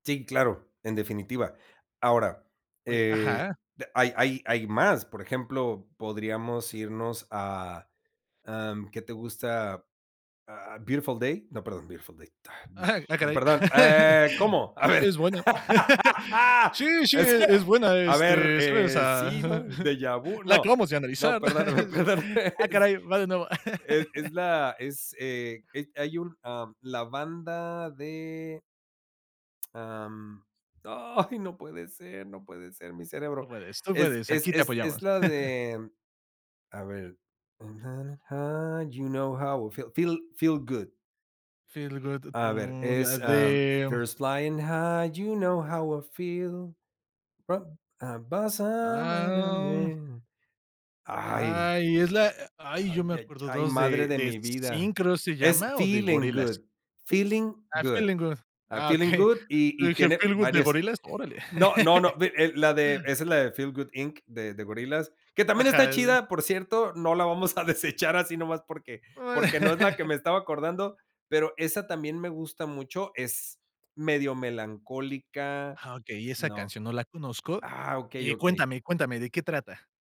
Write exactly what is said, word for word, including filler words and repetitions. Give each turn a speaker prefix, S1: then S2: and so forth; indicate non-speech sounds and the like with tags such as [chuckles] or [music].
S1: Sí, claro, en definitiva. Ahora,
S2: Oye ajá.
S1: eh, de hay hay hay más. Por ejemplo, podríamos irnos a, am, ¿qué te gusta? Ah, ¿Beautiful Day? No, perdón, Beautiful Day, ta, mm
S2: Ajá. Ah,
S1: no
S2: caray.
S1: perdón,
S2: [laughs]
S1: ah,
S2: [hiccups]
S1: ¿cómo? A
S2: Es
S1: ver
S2: buena. [laughs]
S1: [laughs]
S2: Sí, sí,
S1: es
S2: e es
S1: [chuckles]
S2: buena,
S1: a ver,
S2: este, sí, o
S1: eh,
S2: sea.
S1: sí, ¿no?
S2: [chuckles]
S1: ¿Déjà vu?
S2: La
S1: No,
S2: acabamos de
S1: no,
S2: analizar, ¿no?
S1: perdóname,
S2: [chuckles] Sí.
S1: perdóname.
S2: Ah,
S1: Es
S2: caray, va de nuevo.
S1: es es
S2: [laughs]
S1: la, es, eh, es hay un, am, la banda de Am, ay, no puede ser, no puede ser, mi
S2: Tú
S1: cerebro.
S2: puedes, tú
S1: Es
S2: puedes.
S1: es
S2: Aquí te
S1: es es
S2: apoyamos.
S1: la
S2: [chuckles]
S1: de, a ver, birds un ja na high, you know how I feel Feel- Feel Good.
S2: Feel Good,
S1: A ver
S2: mm, la
S1: es, ah,
S2: de
S1: Birds flying high, you know how I feel, rob [humming]
S2: Ah,
S1: and I
S2: om
S1: mean. ¡Ay!
S2: ¡Ay! Es la e ¡ay!, yo
S1: Ay
S2: me
S1: ya
S2: acuerdo
S1: yay,
S2: dos
S1: madre
S2: de
S1: de
S2: de
S1: mi
S2: Zinc,
S1: vida.
S2: creo se
S1: Es
S2: llama o de
S1: Feeling
S2: Gorillaz.
S1: Good, Feeling
S2: Ah,
S1: Good.
S2: Feeling Good.
S1: Ah,
S2: Ah,
S1: Feeling
S2: okey.
S1: good,
S2: [chuckles]
S1: y
S2: Yo
S1: y
S2: dije,
S1: tiene
S2: ¿Feeling Good de
S1: varias [chuckles]
S2: Gorillaz? Órale.
S1: No, no, no, vi
S2: [laughs]
S1: eh, la de esa es la de Feel Good Inc. de de Gorillaz, que también está
S2: Ajá, el
S1: chida, por cierto. No la vamos a desechar así nomás porque
S2: Oh
S1: porque no es la que
S2: [laughs]
S1: me estaba acordando, pero esa también me gusta mucho. Es medio melancólica
S2: Ah, okey, esa
S1: no.
S2: canción no la conozco.
S1: Ah, okey,
S2: Eh,
S1: okey.
S2: cuéntame cuéntame, ¿de qué trata?